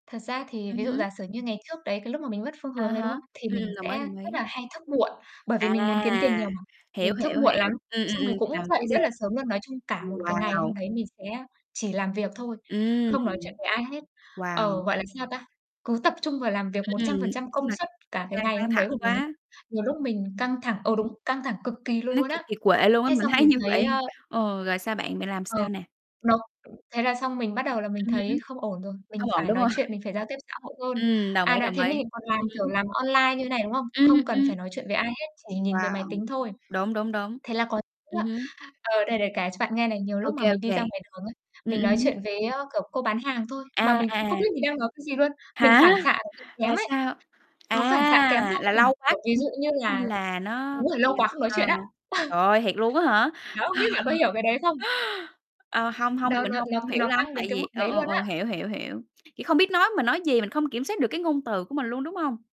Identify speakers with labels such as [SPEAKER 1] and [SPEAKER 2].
[SPEAKER 1] Thật ra thì
[SPEAKER 2] Ừm
[SPEAKER 1] ví dụ
[SPEAKER 2] hứm.
[SPEAKER 1] giả sử như ngày trước đấy, cái lúc mà mình mất phương
[SPEAKER 2] À
[SPEAKER 1] hướng đấy, đúng
[SPEAKER 2] há,
[SPEAKER 1] không? Thì
[SPEAKER 2] ừm,
[SPEAKER 1] mình
[SPEAKER 2] đồng
[SPEAKER 1] sẽ
[SPEAKER 2] ý, đồng
[SPEAKER 1] rất
[SPEAKER 2] ý.
[SPEAKER 1] là hay thức muộn, bởi vì
[SPEAKER 2] À,
[SPEAKER 1] mình muốn kiếm tiền nhiều mà,
[SPEAKER 2] hiểu,
[SPEAKER 1] mình thức
[SPEAKER 2] hiểu,
[SPEAKER 1] muộn lắm,
[SPEAKER 2] hiểu. Ừm,
[SPEAKER 1] rồi
[SPEAKER 2] ừm,
[SPEAKER 1] xong mình
[SPEAKER 2] ừm,
[SPEAKER 1] cũng
[SPEAKER 2] làm
[SPEAKER 1] dậy
[SPEAKER 2] cú đêm.
[SPEAKER 1] rất là sớm luôn. Nói chung cả
[SPEAKER 2] Ừm,
[SPEAKER 1] một cái ngày
[SPEAKER 2] wow.
[SPEAKER 1] hôm đấy mình sẽ chỉ làm việc thôi,
[SPEAKER 2] Ừm.
[SPEAKER 1] không nói chuyện với ai hết.
[SPEAKER 2] Wow.
[SPEAKER 1] Ờ, gọi là sao ta, cứ tập trung vào làm việc
[SPEAKER 2] Ừm,
[SPEAKER 1] một trăm phần
[SPEAKER 2] nói
[SPEAKER 1] trăm
[SPEAKER 2] chung
[SPEAKER 1] công
[SPEAKER 2] là
[SPEAKER 1] suất cả cái
[SPEAKER 2] căng
[SPEAKER 1] ngày
[SPEAKER 2] căng
[SPEAKER 1] hôm đấy
[SPEAKER 2] thẳng
[SPEAKER 1] của mình ấy.
[SPEAKER 2] quá.
[SPEAKER 1] Nhiều lúc mình
[SPEAKER 2] Ừm.
[SPEAKER 1] căng thẳng ờ, đúng, căng thẳng cực kỳ
[SPEAKER 2] Nó
[SPEAKER 1] luôn
[SPEAKER 2] kiệt
[SPEAKER 1] á.
[SPEAKER 2] kiệt quệ luôn á,
[SPEAKER 1] Thế
[SPEAKER 2] mình
[SPEAKER 1] xong
[SPEAKER 2] thấy
[SPEAKER 1] mình
[SPEAKER 2] như
[SPEAKER 1] thấy,
[SPEAKER 2] vậy
[SPEAKER 1] ờ
[SPEAKER 2] ờ, rồi sao bạn, bạn làm
[SPEAKER 1] Ừ,
[SPEAKER 2] sao nè?
[SPEAKER 1] nó thế là xong mình bắt đầu là mình
[SPEAKER 2] Ừm hứm.
[SPEAKER 1] thấy không ổn rồi, mình
[SPEAKER 2] Không ổn,
[SPEAKER 1] phải
[SPEAKER 2] đúng
[SPEAKER 1] nói
[SPEAKER 2] hông?
[SPEAKER 1] chuyện, mình phải giao tiếp xã hội hơn.
[SPEAKER 2] Ừm, đồng
[SPEAKER 1] À,
[SPEAKER 2] ý,
[SPEAKER 1] đã
[SPEAKER 2] đồng
[SPEAKER 1] thế
[SPEAKER 2] ý.
[SPEAKER 1] mình lại còn làm,
[SPEAKER 2] Ừm
[SPEAKER 1] kiểu,
[SPEAKER 2] hứm.
[SPEAKER 1] làm online như thế này, đúng không?
[SPEAKER 2] Ừm,
[SPEAKER 1] Không cần
[SPEAKER 2] ừm.
[SPEAKER 1] phải nói chuyện với ai hết, chỉ nhìn với máy
[SPEAKER 2] Wow,
[SPEAKER 1] tính thôi.
[SPEAKER 2] đúng, đúng, đúng.
[SPEAKER 1] Thế là có những lúc
[SPEAKER 2] Ừm
[SPEAKER 1] á,
[SPEAKER 2] hứm.
[SPEAKER 1] ờ, để để kể cho bạn nghe này, nhiều
[SPEAKER 2] Ô
[SPEAKER 1] lúc mà
[SPEAKER 2] kê, ô
[SPEAKER 1] mình đi
[SPEAKER 2] kê.
[SPEAKER 1] ra ngoài đường ấy,
[SPEAKER 2] Ừm,
[SPEAKER 1] mình
[SPEAKER 2] ừm
[SPEAKER 1] nói
[SPEAKER 2] hứm.
[SPEAKER 1] chuyện với, ờ, kiểu, cô bán hàng thôi mà
[SPEAKER 2] À,
[SPEAKER 1] mình cũng không
[SPEAKER 2] à.
[SPEAKER 1] biết mình đang nói cái gì luôn. Mình
[SPEAKER 2] Hả?
[SPEAKER 1] phản xạ nó bị kém
[SPEAKER 2] Là
[SPEAKER 1] ấy,
[SPEAKER 2] sao?
[SPEAKER 1] nó phản xạ kém vô
[SPEAKER 2] À, là
[SPEAKER 1] cùng.
[SPEAKER 2] lâu quá
[SPEAKER 1] Kiểu, ví
[SPEAKER 2] không
[SPEAKER 1] dụ
[SPEAKER 2] giao
[SPEAKER 1] như
[SPEAKER 2] tiếp, nên
[SPEAKER 1] là
[SPEAKER 2] là nó
[SPEAKER 1] đúng rồi, lâu
[SPEAKER 2] bị
[SPEAKER 1] quá không nói
[SPEAKER 2] ờ.
[SPEAKER 1] chuyện á.
[SPEAKER 2] Trời ơi, thiệt luôn á hả?
[SPEAKER 1] Đó, không biết là có hiểu cái đấy không?
[SPEAKER 2] Ờ, hông, hông, thì
[SPEAKER 1] Đó,
[SPEAKER 2] mình
[SPEAKER 1] nó
[SPEAKER 2] hông,
[SPEAKER 1] nó
[SPEAKER 2] hông hiểu
[SPEAKER 1] nó
[SPEAKER 2] lắm.
[SPEAKER 1] tăng đến
[SPEAKER 2] Tại
[SPEAKER 1] cái
[SPEAKER 2] vì
[SPEAKER 1] mức
[SPEAKER 2] ờ,
[SPEAKER 1] đấy
[SPEAKER 2] ờ,
[SPEAKER 1] luôn
[SPEAKER 2] ờ,
[SPEAKER 1] á.
[SPEAKER 2] hiểu, hiểu, hiểu. Kiểu, không biết nói, mình nói gì mình không kiểm soát được cái ngôn từ của mình luôn, đúng hông?